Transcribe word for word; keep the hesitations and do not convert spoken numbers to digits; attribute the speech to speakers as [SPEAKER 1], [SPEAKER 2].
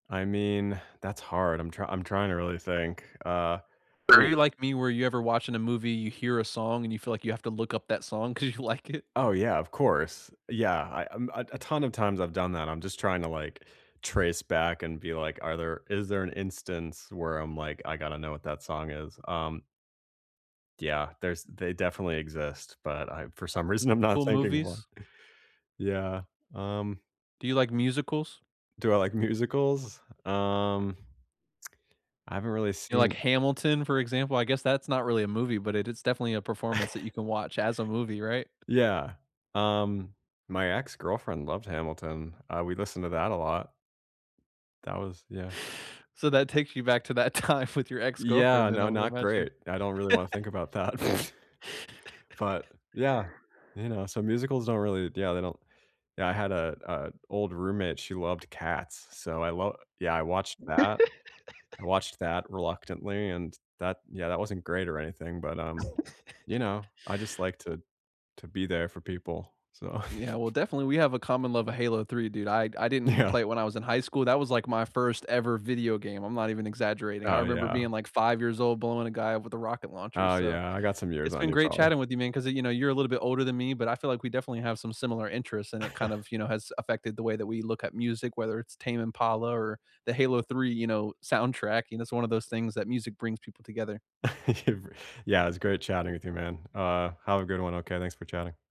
[SPEAKER 1] I mean, that's hard. I'm try I'm trying to really think, uh,
[SPEAKER 2] Are
[SPEAKER 1] woo
[SPEAKER 2] you like me where you ever watching a movie, you hear a song, and you feel like you have to look up that song 'cause you like it?
[SPEAKER 1] Oh, yeah, of course. Yeah, I um, uh, a ton of times I've done that, I'm just trying to, like, trace back, and be like, are there is there an instance where I'm like, "I gotta know what that song is?" Um Yeah, there's they definitely exist, but I for some reason, I'm not
[SPEAKER 2] Cool
[SPEAKER 1] thinking of one.
[SPEAKER 2] movies?
[SPEAKER 1] Yeah, um
[SPEAKER 2] Do you like musicals?
[SPEAKER 1] Do I like musicals, um, I haven't really
[SPEAKER 2] You like
[SPEAKER 1] seen
[SPEAKER 2] Hamilton, for example? I guess that's not really a movie, but it is definitely a performance that you can watch as a movie, right?
[SPEAKER 1] Yeah, um, my ex girlfriend loved Hamilton. Uh, we listened to that a lot. That was yeah.
[SPEAKER 2] So that takes you back to that time with your ex-girlfriend
[SPEAKER 1] Yeah,
[SPEAKER 2] then, I
[SPEAKER 1] no,
[SPEAKER 2] would
[SPEAKER 1] not
[SPEAKER 2] imagine.
[SPEAKER 1] great. I don't really wanna think about that, but yeah. You know, so musicals don't really yeah, they don't yeah, I had a a old roommate, she loved Cats, so I lo yeah, I watched that. I watched that, reluctantly, and that yeah, that wasn't great or anything, but, um, you know, I just like
[SPEAKER 2] We
[SPEAKER 1] to to be there for people, so
[SPEAKER 2] Yeah, well, definitely, we have a common love of Halo 3, dude. I I didn't
[SPEAKER 1] Yeah.
[SPEAKER 2] play it when I was in high school. That was, like, my first ever video game, I'm not even exaggerating. I
[SPEAKER 1] Oh,
[SPEAKER 2] remember
[SPEAKER 1] yeah.
[SPEAKER 2] being, like, five years old blowing a guy up with a rocket launcher,
[SPEAKER 1] Oh,
[SPEAKER 2] so
[SPEAKER 1] yeah, I got some years
[SPEAKER 2] It's
[SPEAKER 1] on
[SPEAKER 2] been
[SPEAKER 1] you,
[SPEAKER 2] great
[SPEAKER 1] probably.
[SPEAKER 2] chatting with you, man, 'cause, uh, you know, you're a little bit older than me, but I feel, like, we definitely have some similar interests, and it kind of, you know, has affected the way that we look at music, whether it's Tame Impala or the Halo 3, you know, soundtrack, you know? It's one of those things that music brings people together.
[SPEAKER 1] It bri Yeah, it was great chatting with you, man. Uh, have a good one, okay? Thanks for chatting.